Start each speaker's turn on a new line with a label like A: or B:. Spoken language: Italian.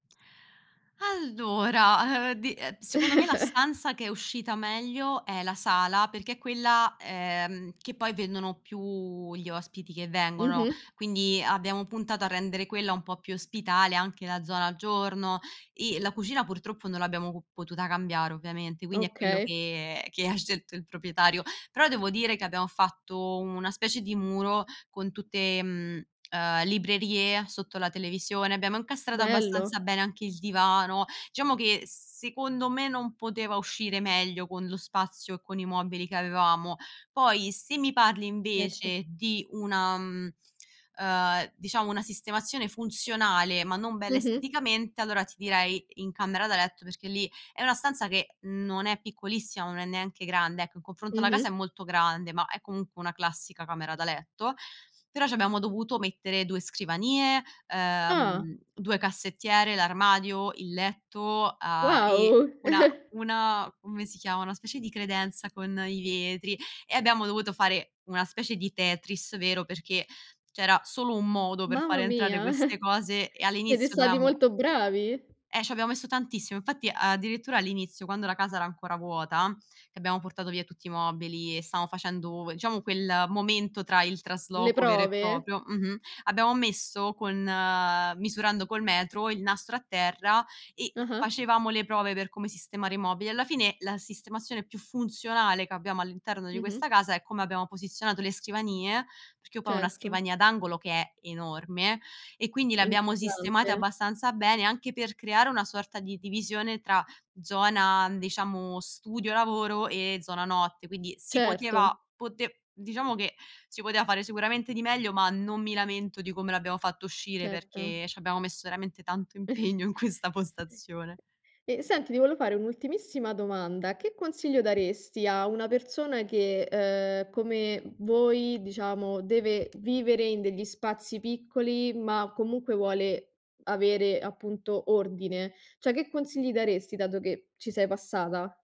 A: Allora, uhm, di ehm, secondo me la stanza che è uscita meglio è la sala, perché è quella, ehm, che poi vendono più gli ospiti che vengono.
B: Mh-mh.
A: Quindi, abbiamo puntato a rendere quella un po' più ospitale, anche la zona giorno, e la cucina purtroppo non l'abbiamo co potuta cambiare ovviamente, quindi è quello
B: Okay.
A: che che ha scelto il proprietario. Però, devo dire che abbiamo fatto una specie di muro con tutte, mhmm, ehm, librerie sotto la televisione, abbiamo incastrato abbastanza
B: Bello.
A: bene anche il divano. Diciamo che s secondo me non poteva uscire meglio, con lo spazio e con i mobili che avevamo. Poi, se mi parli
B: Erto.
A: invece di una mhmm, ehm, diciamo una sistemazione funzionale ma non bella
B: Mh-mh.
A: esteticamente, allora ti direi, in camera da letto perché lì è una stanza che non è piccolissima, ma non è neanche grande, ecco, in confronto alla casa è
B: Mh-mh.
A: molto grande ma è comunque una classica camera da letto. Però ci abbiamo dovuto mettere 2 scrivanie,
B: Ah!
A: ehm, 2 cassettiere, l'armadio, il letto, a e
B: Wow!
A: una una come si chiamano? Una specie di credenza con i vetri, e abbiamo dovuto fare una specie di Tetris vero, perché c'era solo un modo per far
B: Mamma
A: entrare
B: mia.
A: queste cose e
B: Siete
A: all'inizio
B: stati
A: dovevamo
B: molto bravi.
A: Eh, ci abbiamo messo tantissimo, infatti, addirittura all'inizio, quando la casa era ancora vuota, che abbiamo portato via tutti i mobili e stavamo facendo diciamo quel momento tra il
B: Le
A: trasloco vero e
B: prove?
A: proprio mh-mh, abbiamo messo con misurando col metro, il nastro a terra, e
B: Ah-ah.
A: facevamo le prove per come sistemare i mobili. Alla fine, la sistemazione più funzionale che abbiamo all'interno di
B: Mh-mh.
A: questa casa è come abbiamo posizionato le scrivanie, perché io poi ho 1
B: Certo.
A: scrivania ad angolo che è enorme, e quindi le abbiamo sistemate
B: [unintelligible]
A: abbastanza bene, anche per creare una sorta di divisione tra zona n diciamo, studio lavoro e zona notte, quindi, si poteva
B: Certo.
A: pote diciamo che si poteva fare sicuramente di meglio, ma non mi lamento di come l'abbiamo fatto uscire,
B: Certa.
A: perché ci abbiamo messo veramente tanto impegno in questa postazione.
B: E, senti ti volevo fare un'ultimissima domanda, che consigli daresti a una persona che, uhm, come v voi diciamo, deve vivere in degli spazi piccoli ma comunque vuole avere, appunto, ordine? Cioè, che consigli daresti dato che ci sei passata?